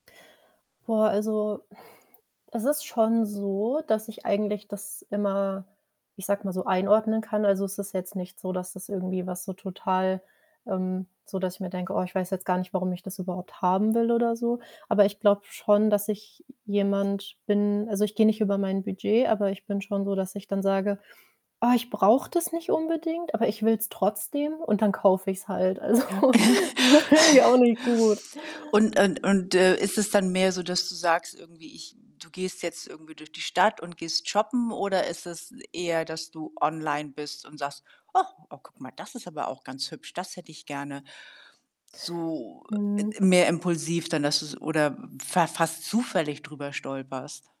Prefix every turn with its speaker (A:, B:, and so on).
A: Boah, also, es ist schon so, dass ich eigentlich das immer, ich sage mal so, einordnen kann. Also, es ist jetzt nicht so, dass das irgendwie was so total, ähm so, dass ich mir denke: „Oh, ich weiß jetzt gar nicht, warum ich das überhaupt haben will” oder so. Aber ich glaube schon, dass ich j jemand bin also, ich gehe nicht über mein Budget, aber ich bin schon so, dass ich dann sage: „Oh, ich brauche das nicht unbedingt, aber ich will‘s trotzdem”, und dann kaufe ich‘s halt. Also,
B: Ja.
A: so irgendwie auch nicht gut.
B: Und und und, äh, ist es dann mehr so, dass du sagst irgendwie: „Ich” du gehst jetzt irgendwie durch die Stadt und gehst shoppen? Oder ist es eher, dass du online bist und sagst: „Och oh, guck mal, das ist aber auch ganz hübsch, das hätte ich gerne.” So, äh, äh,
A: Mhm.
B: mehr impulsiv dann, dass du‘s oder fa fast zufällig drüber stolperst?